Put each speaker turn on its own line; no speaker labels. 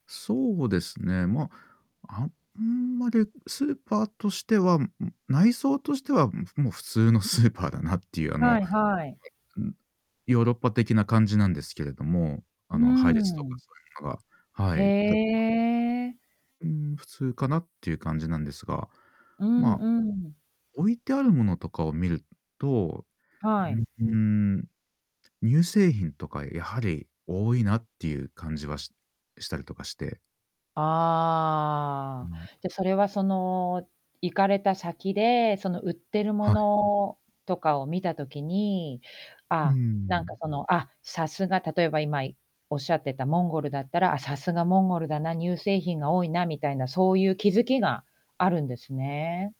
そうですね、ま、あんまりスーパーとしては、うん、内装としては、ん、ふもう普通のスーパーだなっていう、あ
は
の、
いはい。
うん、ヨーロッパ的な感じなんですけれども、
う
あ
ー
の、配列とか
ん。
そういうのが、は
へ
い。た
え。
うーん、普通かなっていう感じなんですが、
うん
まあ、
うん。
置いてある物とかを見る、ん、と、う
はい。
うーん、乳製品とか、やはり多いなっていう感じは、ししたりとかしてう
ああ、
ん。
じゃ、それは、その、行かれた先で、その、売ってるも
はい。
のとかを見た時に、
う
ああ、なんか、
ん。
その、あ、さすが例えば、今いおっしゃってたモンゴルだったら、あ、さすがモンゴルだな、乳製品が多いな、みたいな、そういう気づきがあるんですね。